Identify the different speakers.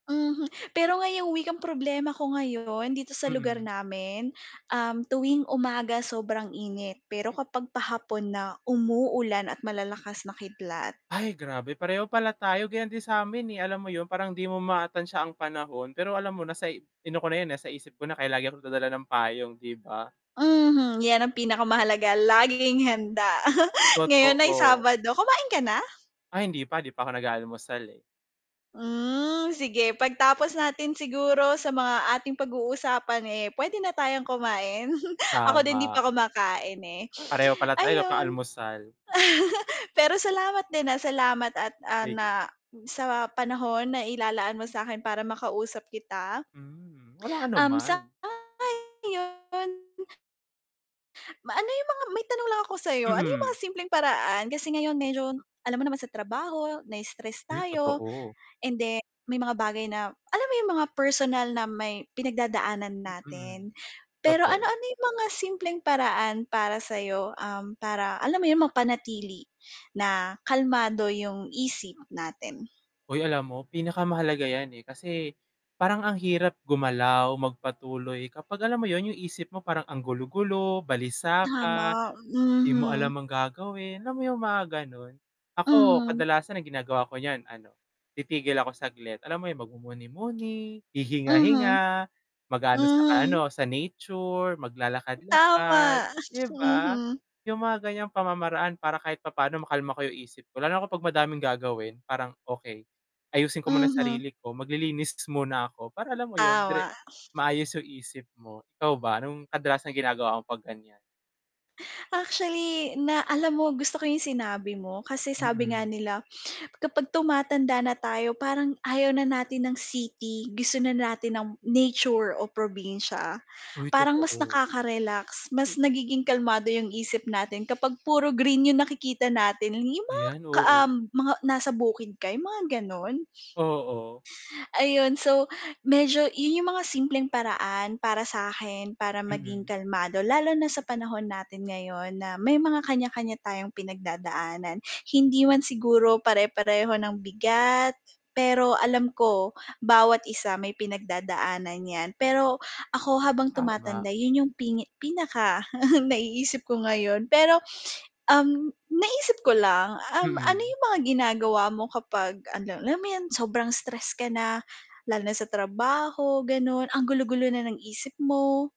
Speaker 1: Mhm, pero ngayong week ang problema ko ngayon dito sa lugar
Speaker 2: Mhm.
Speaker 1: namin? Um, tuwing umaga sobrang init, pero kapag pa-hapon na, umuulan at malalakas na kidlat.
Speaker 2: Ay grabe pareho pala tayo, ganyan din sa'min eh, alam mo yun, parang di mo ma-tantsa siya ang panahon pero alam mo na in ko na yun nasa isip ko na kaya lagi akong nag-dadala ng payong di ba.
Speaker 1: Mhm, yan ang pinaka-mahalaga laging handa, ngayon ay
Speaker 2: Totoo.
Speaker 1: Sabado, kumain ka na?
Speaker 2: Ah, hindi pa, 'di pa 'ko nag-aalmusal eh.
Speaker 1: Hmm, sige pag-tapos natin siguro sa mga ating pag-uusapan eh, puwede na tayong kumain, ako din hindi pa
Speaker 2: Tama.
Speaker 1: kumakain eh,
Speaker 2: Pareho pala tayo wala pa
Speaker 1: ayun.
Speaker 2: almusal.
Speaker 1: Pero salamat din ah, salamat at ah,
Speaker 2: Sige.
Speaker 1: na sa panahon na-ilalaan mo sakin para makausap kita.
Speaker 2: Hmm, walang
Speaker 1: Um,
Speaker 2: anuman.
Speaker 1: sang-ayon. Ma ano yung mga may tanong lang ako sayo, ano yung mga
Speaker 2: Mm.
Speaker 1: simpleng paraan kasi ngayon medyo alam mo naman sa trabaho nai-stress
Speaker 2: Uy,
Speaker 1: tayo,
Speaker 2: totoo.
Speaker 1: and then may mga bagay na alam mo yung mga personal na may pinag-dadaanan
Speaker 2: Hmm,
Speaker 1: natin? Pero
Speaker 2: totoo.
Speaker 1: ano-ano yung mga simpleng paraan para sayo, um, para alam mo yun, mapanatili na kalmado yung isip natin?
Speaker 2: Uy, alam mo, pinaka-mahalaga yan eh, kasi, parang ang hirap gumalaw, mag-patuloy, kapag alam mo yun yung isip mo parang ang gulo-gulo, balisa ka.
Speaker 1: Tama,
Speaker 2: 'Di mo alam
Speaker 1: mhm.
Speaker 2: ang gagawin, alam mo yung mga ganun? Ako
Speaker 1: Mhm.
Speaker 2: kadalasan ang ginagawa ko niyan ano, titigil ako saglit, alam mo yung mag-mumuni-muni,
Speaker 1: Mhm.
Speaker 2: hihinga-hinga, mag-aano sa ano
Speaker 1: Hmm.
Speaker 2: sa nature, mag-lalakad-lakad,
Speaker 1: Tama,
Speaker 2: di ba?
Speaker 1: mhm.
Speaker 2: Yung mga ganyang pamamaraan para kahit papaano makalma ko yung isip ko, lalo na 'pag madaming gagawin parang, okay, ayusin ko muna
Speaker 1: Mhm.
Speaker 2: sarili ko, mag-lilinis muna ako, para alam mo yun dire
Speaker 1: Tama.
Speaker 2: maayos yung isip mo. Ikaw ba nung kadalasang ginagawa mo 'pag ganyan?
Speaker 1: Actually na alam mo gusto ko yung sinabi mo kasi sabi nga
Speaker 2: Hmm.
Speaker 1: nila, kapag tumatanda na tayo parang ayaw na natin ng city gusto na natin ng nature o probinsya.
Speaker 2: Uy
Speaker 1: Parang mas
Speaker 2: totoo.
Speaker 1: nakaka-relax, mas nagiging kalmado yung isip natin kapag puro green yung nakikita natin, yung mga
Speaker 2: Ayan,
Speaker 1: ka ah,
Speaker 2: oo.
Speaker 1: mga nasa bukid ka yung mga ganon?
Speaker 2: Oo.
Speaker 1: Ayun so, medyo yun yung mga simpleng paraan para sakin, para maging
Speaker 2: Hmm.
Speaker 1: kalmado lalo na sa panahon natin ngayon na may mga kanya-kanya tayong pinag-dadaanan hindi man siguro pare-pareho ng bigat, pero alam ko, bawat isa may pinag-dadaan yan, pero ako habang
Speaker 2: Tama.
Speaker 1: tumatanda yun yung pingi pinaka naiisip ko ngayon pero, um, naisip ko lang, um, ano
Speaker 2: Mhm.
Speaker 1: yung mga ginagawa mo kapag ano, alam mo yun, sobrang stress ka na, lalo na sa trabaho, ganon ang gulo-gulo na ng isip mo?